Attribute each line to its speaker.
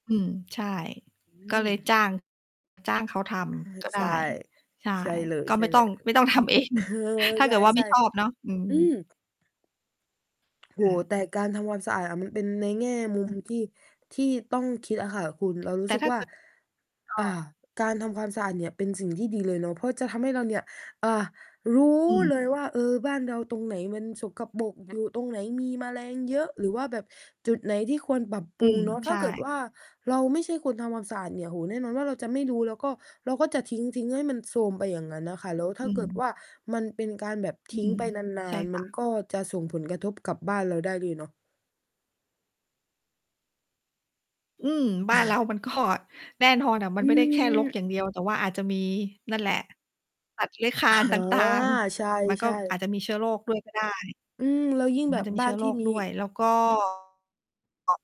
Speaker 1: อืม ใช่
Speaker 2: อ
Speaker 1: ก็
Speaker 2: ื
Speaker 1: เลยจ้า
Speaker 2: ม
Speaker 1: ง จ้างเขาท
Speaker 2: อา
Speaker 1: ำก็ไ
Speaker 2: ใ
Speaker 1: ด
Speaker 2: ช
Speaker 1: ้
Speaker 2: ่
Speaker 1: ใช่
Speaker 2: ใช่เลย
Speaker 1: ก็
Speaker 2: ใช
Speaker 1: ไ
Speaker 2: ่
Speaker 1: ม่ต
Speaker 2: เล
Speaker 1: ้อง
Speaker 2: ย
Speaker 1: ไม่ต้องทำ เอง
Speaker 2: เออ
Speaker 1: ถ้า
Speaker 2: ๆ ใ
Speaker 1: เกิดว่าไม
Speaker 2: ช
Speaker 1: ่
Speaker 2: ่
Speaker 1: ชอบเนาะ อืม
Speaker 2: ๆ อืม โอ้โฮ
Speaker 1: ค่ะ
Speaker 2: แต่การทำความสะอาดมันเป็นในแง่มุมที่ ที่ต้องคิดอะค่ะคุณ เราร
Speaker 1: แ
Speaker 2: ู
Speaker 1: ต
Speaker 2: ้
Speaker 1: ่
Speaker 2: สึ
Speaker 1: ถ
Speaker 2: ก
Speaker 1: ้า
Speaker 2: ว่
Speaker 1: เ
Speaker 2: า
Speaker 1: กิด อ้อ
Speaker 2: อ่า การทำความสะอาดเนี่ยเป็นสิ่งที่ดีเลยเนาะ เพราะจะทำให้เราเนี่ย อ่า รู้
Speaker 1: อืม
Speaker 2: เลยว่า เออ บ้านเราตรงไหนมันสกปรก อยู่ตรงไหนมีแมลงเยอะ หรือว่าแบบจุดไหนที่ควรปรับ
Speaker 1: อ
Speaker 2: ป
Speaker 1: ื
Speaker 2: รุง
Speaker 1: ม
Speaker 2: เนาะ
Speaker 1: ใ
Speaker 2: ถ
Speaker 1: ช
Speaker 2: ้าเกิด
Speaker 1: ่
Speaker 2: ว่าเราไม่ใช่คนทำความสะอาดเนี่ย โอ้ แน่นอนว่าเราจะไม่รู้ แล้วก็เราก็จะทิ้ง ๆ ให้มันโทรมไปอย่างงั้นน่ะค่ะ แล้วถ้
Speaker 1: อื
Speaker 2: าเกิด
Speaker 1: ม
Speaker 2: ว่า มันเป็นการแบบ
Speaker 1: อ
Speaker 2: ท
Speaker 1: ื
Speaker 2: ิ้ง
Speaker 1: ม
Speaker 2: ไปน
Speaker 1: ใ
Speaker 2: า
Speaker 1: ช่
Speaker 2: น ๆ
Speaker 1: ค
Speaker 2: มั
Speaker 1: ่
Speaker 2: น
Speaker 1: ะ
Speaker 2: ก็จะส่งผลกระทบกับบ้านเราได้เลยเนาะ
Speaker 1: อืม บ้านเรามันก็ แน่นอนอะมั
Speaker 2: อื
Speaker 1: นไม่ได้แค่รกอย่างเดีย
Speaker 2: ม
Speaker 1: ว แต่ว่าอาจจะมีนั่นแหละ สัตว์เลื้อยคลา
Speaker 2: อ๋
Speaker 1: นต
Speaker 2: อ
Speaker 1: ่าง
Speaker 2: ใ
Speaker 1: ๆ มันก
Speaker 2: ช
Speaker 1: ็
Speaker 2: ่
Speaker 1: อา
Speaker 2: ๆ
Speaker 1: จจะมีเชื้อโรคด้วยก็ได้
Speaker 2: อืม แล้วยิ่งแ
Speaker 1: ม
Speaker 2: บ
Speaker 1: ัน
Speaker 2: บ
Speaker 1: มี
Speaker 2: บ้
Speaker 1: เ
Speaker 2: า
Speaker 1: ชื้
Speaker 2: น
Speaker 1: อโ
Speaker 2: ท
Speaker 1: ร
Speaker 2: ี่
Speaker 1: ค
Speaker 2: มี
Speaker 1: ด้วย แล้ว ก็